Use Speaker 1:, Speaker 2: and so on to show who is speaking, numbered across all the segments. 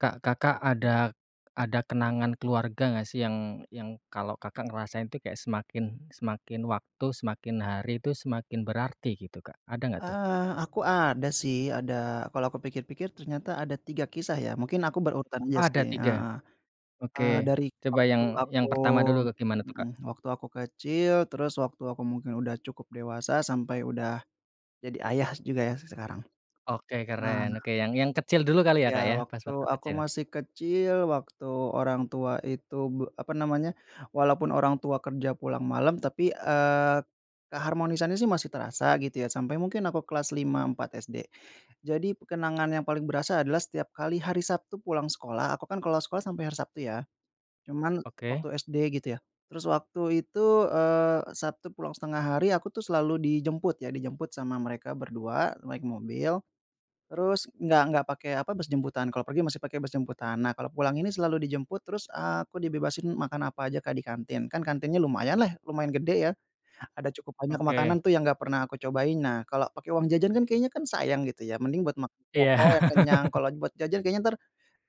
Speaker 1: Kak, Kakak ada ada kenangan keluarga, enggak sih, yang yang kalau, Kakak ngerasain tuh kayak semakin semakin waktu, semakin hari tuh semakin berarti, gitu. Kak, ada enggak tuh?
Speaker 2: Eee, aku ada sih, ada. Kalau aku pikir-pikir, ternyata ada 3 kisah, ya. Mungkin aku berurutan aja
Speaker 1: Oh
Speaker 2: sih
Speaker 1: ada 3,
Speaker 2: heeh. Eee,
Speaker 1: oke
Speaker 2: dari
Speaker 1: coba
Speaker 2: waktu
Speaker 1: yang
Speaker 2: aku
Speaker 1: yang pertama dulu gimana tuh,
Speaker 2: mhm,
Speaker 1: Kak?
Speaker 2: waktu aku kecil, terus waktu aku mungkin udah cukup dewasa, sampai udah jadi ayah juga, ya, se sekarang.
Speaker 1: Oke keren.
Speaker 2: Eh
Speaker 1: Oke yang yang kecil dulu kali ya, Kak,
Speaker 2: Ya,
Speaker 1: ya pas
Speaker 2: waktu
Speaker 1: waktu
Speaker 2: aku
Speaker 1: kecil.
Speaker 2: masih kecil, waktu orang tua itu b apa namanya, walaupun orang tua kerja pulang malam tapi, eee, keharmonisannya sih masih terasa gitu ya sampai mungkin aku kelas 5, 4 SD. Jadi, kenangan yang paling berasa adalah setiap kali hari Sabtu pulang sekolah, aku kan kalau sekolah sampai hari Sabtu ya. Cuman
Speaker 1: Oke.
Speaker 2: waktu SD gitu ya, terus waktu itu, eee, Sabtu pulang setengah hari aku tuh selalu dijemput ya, dijemput sama mereka berdua naik mobil. Terus enggak enggak pakai apa bus jemputan, kalau pergi masih pakai bus jemputan. Nah, kalau pulang ini selalu dijemput, terus aku dibebasin makan apa aja, Kak, di kantin kan kantinnya lumayan lah, lumayan gede ya, ada cukup banyak
Speaker 1: Oke.
Speaker 2: makanan tuh yang enggak pernah aku cobain. Nah, kalau pakai uang jajan kan kayaknya kan sayang gitu ya, mending buat mak
Speaker 1: Iya.
Speaker 2: pokoknya kenyang kalau buat jajan kayaknya entar,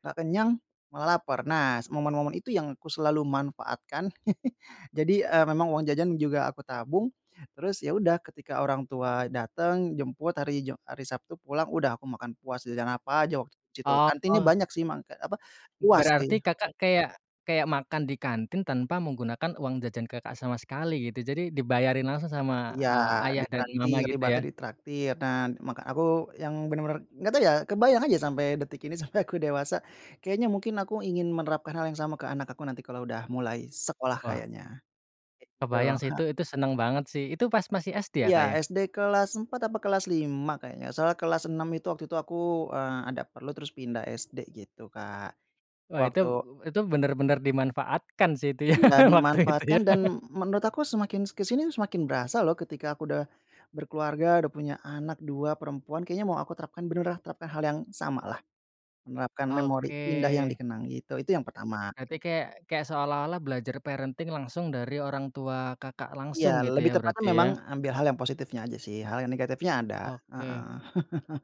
Speaker 2: enggak kenyang malah laper. Nah, s momen momen itu yang aku selalu manfaatkan. Jadi, eee, memang uang jajan juga aku tabung terus, ya udah ketika orang tua dateng jemput hari Jum hari Sabtu pulang udah aku makan puas jajan apa aja waktu di situ, kantinnya
Speaker 1: Oh.
Speaker 2: banyak sih mak apa puas
Speaker 1: Berarti
Speaker 2: sih.
Speaker 1: Kakak kayak kayak makan di kantin tanpa menggunakan uang jajan Kakak, sama sekali gitu. Jadi dibayarin langsung sama,
Speaker 2: Iya,
Speaker 1: eee, ayah dan mama
Speaker 2: ditraktir,
Speaker 1: gitu
Speaker 2: ibaratnya
Speaker 1: ya?
Speaker 2: ditraktir. Nah ma aku yang benar-benar enggak tahu ya kebayang aja sampai detik ini sampai aku dewasa, kayaknya mungkin aku ingin menerapkan hal yang sama ke anak aku nanti kalau udah mulai sekolah
Speaker 1: Wah.
Speaker 2: kayaknya, gitu
Speaker 1: Kebayang sih
Speaker 2: ha
Speaker 1: tuh, itu seneng banget sih itu pas masih SD ya,
Speaker 2: Iya
Speaker 1: Kak, ya?
Speaker 2: SD kelas 4 apa kelas 5 kayaknya. Soalnya kelas 6 itu waktu itu aku, eee, ada perlu terus pindah SD gitu, Kak.
Speaker 1: Wah, itu,
Speaker 2: Waktu
Speaker 1: eee, itu, bener bener dimanfaatkan sih itu ya
Speaker 2: Iya
Speaker 1: waktu itu
Speaker 2: dimanfaatkan
Speaker 1: ya.
Speaker 2: dan m menurut aku semakin s ke sini semakin berasa loh, ketika aku udah, berkeluarga udah punya anak 2 perempuan kayaknya mau aku terapkan beneran terapkan hal yang sama lah. Menerapkan memori indah yang
Speaker 1: Oke.
Speaker 2: dikenang gitu. Itu yang pertama.
Speaker 1: Berarti kayak kayak seolah-olah belajar parenting langsung dari orang tua Kakak
Speaker 2: Iya,
Speaker 1: langsung gitu
Speaker 2: lebih
Speaker 1: ya,
Speaker 2: tepatnya
Speaker 1: berarti
Speaker 2: memang
Speaker 1: ya.
Speaker 2: ambil hal yang positifnya aja sih hal yang negatifnya ada.
Speaker 1: Oke.
Speaker 2: Heeh.